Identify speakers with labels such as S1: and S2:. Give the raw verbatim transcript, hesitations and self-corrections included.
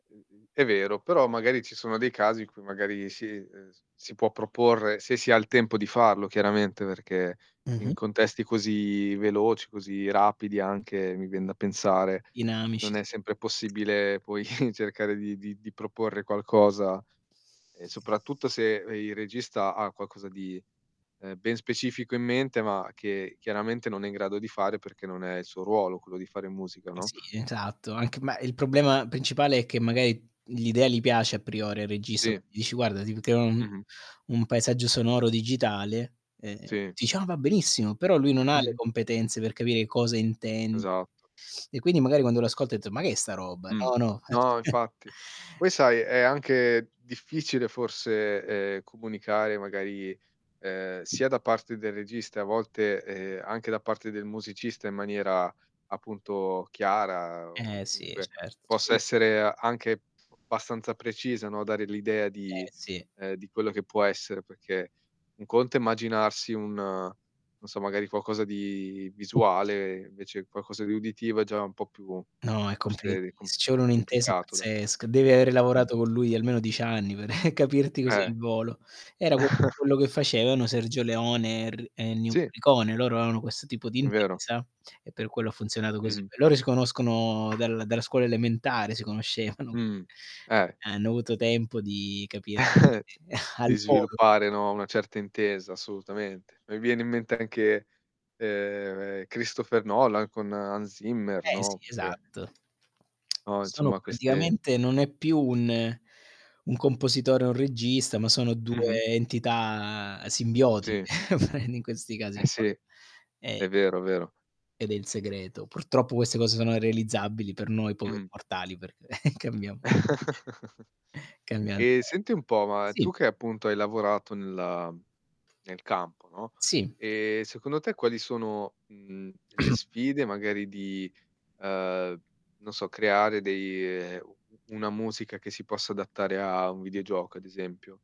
S1: [unintelligible] È vero, però magari ci sono dei casi in cui magari si ehm, s si può proporre, se si ha il tempo di farlo chiaramente, perché
S2: Mh-mh.
S1: in contesti così veloci, così rapidi anche, mi vien da pensare, non
S2: Dinamici
S1: è
S2: s
S1: sempre possibile poi cercare di di di proporre qualcosa, ehm, soprattutto se re il regista ha qualcosa di, ehm, ben specifico in mente, ma che chiaramente non è in grado di fare, perché non è il suo ruolo quello di fare musica,
S2: Ma
S1: no?
S2: sì, esatto, anche ma il problema principale è che magari l'idea gli piace a priori al regista, gua
S1: Sì.
S2: gli dici guarda: "Si poteva un
S1: Mh-mh.
S2: un paesaggio sonoro digitale". Ehm,
S1: Sì.
S2: dice: "Ah, va benissimo!" Però lui non ha le
S1: Mh-mh
S2: competenze per capire cosa intendi;
S1: Esatto.
S2: e quindi magari quando lo ascolta ha detto: "Ma che è sta roba?
S1: Mh.
S2: No, no."
S1: No infatti. Poi sai è anche difficile forse, ehm, comunicare magari, ehm, sia da parte del regista, e a volte, ehm, anche da parte del musicista, in maniera appunto chiara o
S2: Eh, sì
S1: comunque
S2: cert Ci
S1: possa
S2: vuol
S1: essere anche bastanza precisa, no, dare l'idea di
S2: Eh, sì.
S1: ehm, di quello che può essere, perché un conto è immaginarsi un non so, magari qualcosa di visuale, invece qualcosa di uditivo è già un po' più
S2: No è
S1: forse è
S2: complicatissimo,
S1: di com
S2: ci vuole un'intesa
S1: complicato da
S2: pazzesca, devi avere
S1: Mh.
S2: lavorato con lui almeno dieci anni per capirti così
S1: Eh.
S2: al volo. Era un po' quello che facevano Sergio Leone er e Ennio
S1: Sì.
S2: Morricone. Loro avevano questo tipo di
S1: Vero.
S2: intesa e per quello ha funzionato così.
S1: Mh-mh.
S2: Beh loro si conoscono dal dalla scuola elementare, si conoscevano, quindi
S1: Mh, eh.
S2: hanno avuto tempo di capir [unintelligible] al
S1: Di
S2: volo.
S1: sviluppare, no, una certa intesa assolutamente. Mi viene in mente anche, ehm, Kristopher Nolan con Hans Zimmer,
S2: Eh
S1: no,
S2: sì,
S1: oppure
S2: esatto.
S1: no,
S2: Sono
S1: insomma queste
S2: praticamente non è più un un compositore o un regista, ma sono
S1: Mh-mh.
S2: due entità simbiotiche,
S1: Sì.
S2: prendi in questi
S1: Eh
S2: casi
S1: sì,
S2: qua. E
S1: è vero, vero.
S2: ed è il segreto. Purtroppo queste cose sono irrealizzabili per noi poveri
S1: Mh.
S2: mortali perché cambiamo cambiam sempre.
S1: Ehm, senti un po', ma tu
S2: Sì.
S1: che appunto hai lavorato nella nel campo, no,
S2: Sì.
S1: ehm, secondo te quali sono, mhmm, le sfide magari di, uhm, non so creare dei ehm, u una musica che si possa adattare a un videogioco ad esempio?